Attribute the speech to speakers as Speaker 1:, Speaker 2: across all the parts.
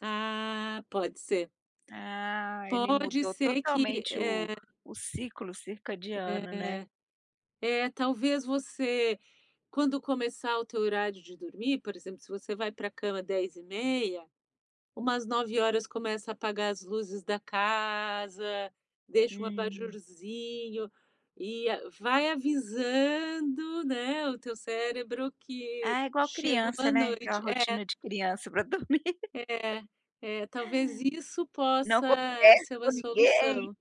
Speaker 1: Ah, pode ser.
Speaker 2: Ah, ele
Speaker 1: Pode
Speaker 2: mudou
Speaker 1: ser que,
Speaker 2: totalmente o
Speaker 1: eh
Speaker 2: o ciclo circadiano, né?
Speaker 1: É. É, talvez você quando começar o teu horário de dormir, por exemplo, se você vai pra cama 22h30, umas 21h começa a apagar as luzes da casa. Deixa um
Speaker 2: Hum.
Speaker 1: abajurzinho e vai avisando, né, o teu cérebro que
Speaker 2: Ah, é igual
Speaker 1: chegou
Speaker 2: criança,
Speaker 1: a
Speaker 2: né. Aquela
Speaker 1: noite. É.
Speaker 2: rotina de criança para dormir.
Speaker 1: É, é, talvez isso
Speaker 2: Não
Speaker 1: possa
Speaker 2: conversa
Speaker 1: ser uma
Speaker 2: com ninguém.
Speaker 1: solução.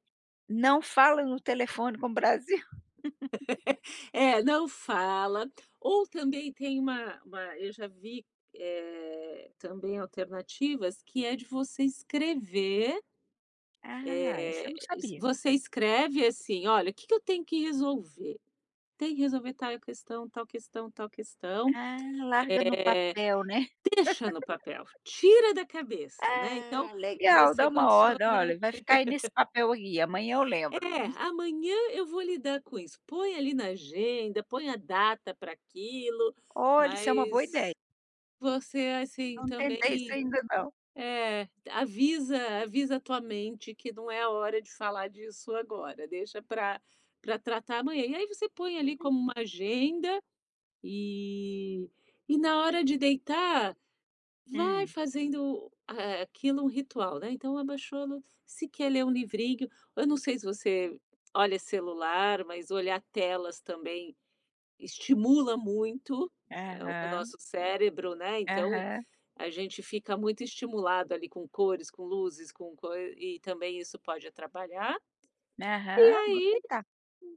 Speaker 2: Não fala no telefone com o Brasil.
Speaker 1: É, não fala. Ou também tem uma uma eu já vi, eh, também alternativas que é de você escrever
Speaker 2: Ah, isso eu
Speaker 1: eh,
Speaker 2: não
Speaker 1: es
Speaker 2: sabia.
Speaker 1: você escreve assim: “Olha, que que eu tenho que resolver? Tem que resolver tal questão, tal questão, tal questão”,
Speaker 2: Ah, larga no
Speaker 1: eh,
Speaker 2: papel, né?
Speaker 1: deixa no papel. Tira da cabeça, né? Então
Speaker 2: Ah, legal. Dá
Speaker 1: você
Speaker 2: uma
Speaker 1: condiciona
Speaker 2: ordem: "Olha, vai ficar aí nesse papel aí. Amanhã eu lembro".
Speaker 1: É, amanhã eu vou lidar com isso. Põe ali na agenda. Põe a data pra aquilo.
Speaker 2: Olha, isso é uma boa ideia.
Speaker 1: Mas você, assim,
Speaker 2: Não
Speaker 1: também
Speaker 2: tentei isso ainda não.
Speaker 1: É, avisa avisa a tua mente que não é a hora de falar disso agora. Deixa pra pra tratar amanhã. E aí você põe ali
Speaker 2: Hum.
Speaker 1: como uma agenda. E e, na hora de deitar, vai
Speaker 2: Hum.
Speaker 1: fazendo, eh, aquilo um ritual, né? Então abaixou a luz se quer ler um livrinho eu não sei se você olha celular. Mas olhar telas também estimula muito, o
Speaker 2: Aham.
Speaker 1: nosso cérebro, né? Então
Speaker 2: Aham.
Speaker 1: a gente fica muito estimulado ali com cores, com luzes, com cor. E também isso pode atrapalhar. E
Speaker 2: Aham, vou
Speaker 1: aí
Speaker 2: tentar.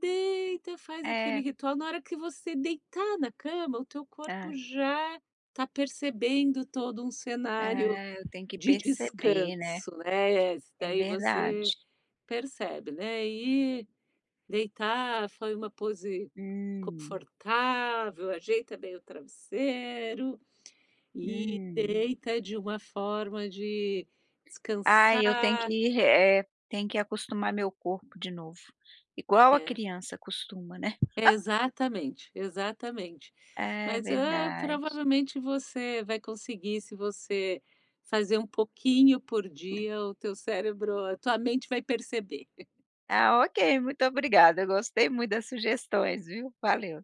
Speaker 1: deita, faz aquele
Speaker 2: É.
Speaker 1: ritual. Na hora que você deitar na cama, o teu corpo
Speaker 2: Ah.
Speaker 1: já está percebendo todo um cenário
Speaker 2: Hã, eu tenho que
Speaker 1: de
Speaker 2: percebe, né?
Speaker 1: descanso, né?
Speaker 2: É
Speaker 1: Daí você
Speaker 2: verdade.
Speaker 1: percebe, né? E deitar foi uma pose
Speaker 2: Hum.
Speaker 1: confortável, ajeita bem o travesseiro e
Speaker 2: Hum.
Speaker 1: deita de uma forma de
Speaker 2: Ai, eu tenho que
Speaker 1: descansar.
Speaker 2: ir re é, tem que acostumar meu corpo de novo, igual a
Speaker 1: É.
Speaker 2: criança acostuma, né?
Speaker 1: É exatamente, exatamente.
Speaker 2: É,
Speaker 1: Mas é,
Speaker 2: verdade.
Speaker 1: provavelmente você vai conseguir. Se você fazer um pouquinho por dia, o teu cérebro a tua mente vai perceber.
Speaker 2: Tá ok. Muito obrigada. Gostei muito das sugestões, viu? Valeu.